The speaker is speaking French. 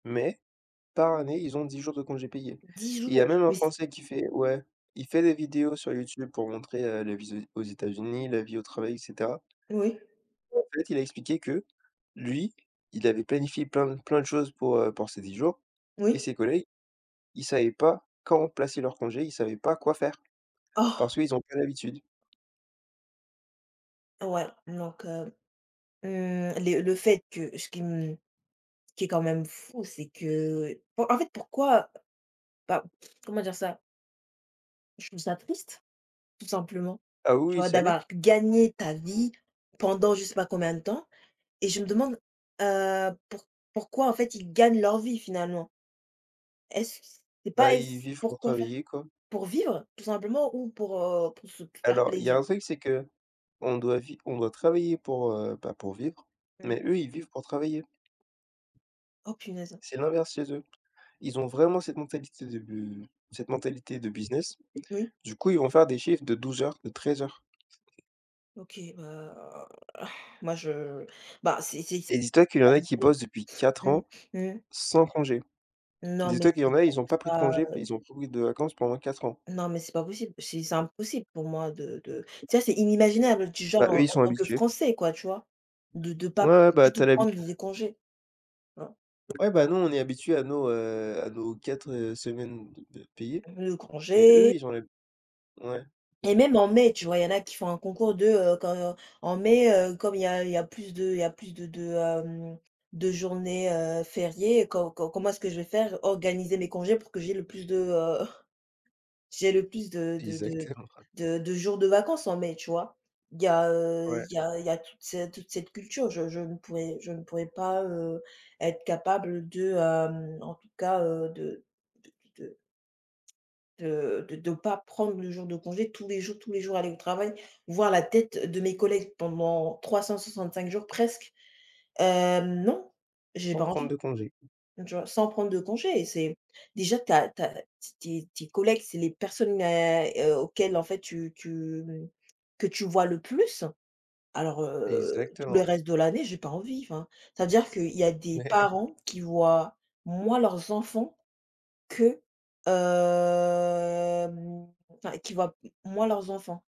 Mais, par année, ils ont 10 jours de congés payés. 10 Il y a jours. même un Mais c Français qui fait ouais. Il fait des vidéos sur YouTube pour montrer, heu, la vie aux aux États-Unis, la vie au travail et cetera. Oui. Et en fait il a expliqué que, lui, il avait planifié plein plein de choses pour, heu, pour ces 10 jours et Oui. ses collègues, ils savaient pas quand placer leurs congés. Ils savaient pas quoi faire parce Oh! qu'ils ont pas l'habitude. Ouais, donc heu. Mmh, les le fait que ce qui m ce qui est quand même fou, c'est que en en fait, pourquoi, bah, comment dire ça? Je trouve ça triste, tout simplement. Ah oui, oui, Genre ça l'est. d'avoir gagné ta vie, pendant je sais pas combien de temps et je me demande, heu, pou pourquoi, en fait, ils gagnent leur vie finalement? Est-ce que c c'est Bah, pas i ils est-c vivent pour pourquoi faire? travailler, quoi. Pour vivre tout simplement ou pour, heu, pour se p faire Alors, il y a plaisir? un truc, c'est qu'on doit vi on doit travailler pour, heu, bah pour vivre, Mmh. mais eux, ils vivent pour travailler. Oh, punaise! C'est l'inverse chez eux. Ils ont vraiment cette mentalité de cette mentalité de business. Oui. Du coup, ils vont faire des shifts de 12 heures, de 13 heures. OK, bah, moi je bah, c c c Et dis toi qu'il y en a qui alité bossent depuis 4 ans, Mmh, mmh. sans congés. Non, mais, Dis-toi qu'il y c'est en a, pour ils ont pas pris de ça, congés, heu. ils ont pas pris de vacances pendant 4 ans. Non, mais c'est pas possible. C'est c'est impossible pour moi de de tu sais, c'est inimaginable. Tu, genre, Bah, eux, ils heu, en sont tant que habitués. Français, quoi, tu vois, de de Ouais, pas ouais, bah du tu tout as l'habit prendre les congés. Tu vois? Ouais, ben, nous on est habitués à nos, heu, à nos 4, heu, semaines de de payées. L le Mais eux, congé ils ont l'ha ouais. Et même en mai, tu vois, il y en a qui font un concours de, heu, quand, en mai, heu, comme il y a il y a plus de il y a plus de de, hem, de journées, heu, fériées, co comment est-ce que je vais faire, organiser mes congés pour que j'ai le plus de, heu, j'ai le plus de de Exactement. Ouais. de de jours de vacances en mai, tu vois? Il y a, heu, Ouais. il y a il y a toute cette toute cette culture, je je ne pourrais je ne pourrais pas, heu, être capable de, hem, en tout cas, heu, de d de de de de pas prendre le jour de congé, tous les jours tous les jours, aller au travail, voire la tête de mes collègues pendant 365 jours presque. Hem, non, j'ai Sans pas prendre envie. de congé. Tu vois? Sans prendre de congés et c'est déjà tu as tu as tes tes tes collègues, c'est les personnes, à, heu, auxquelles, en fait, tu tu que tu vois le plus. Alors, heu, tout le Exactement. reste de l'année, j'ai pas envie. Enfin, c'est-à-dire qu'il y a des Ouais. parents qui voient moins leurs enfants que, hem, enfin, qui voient moins leurs enfants.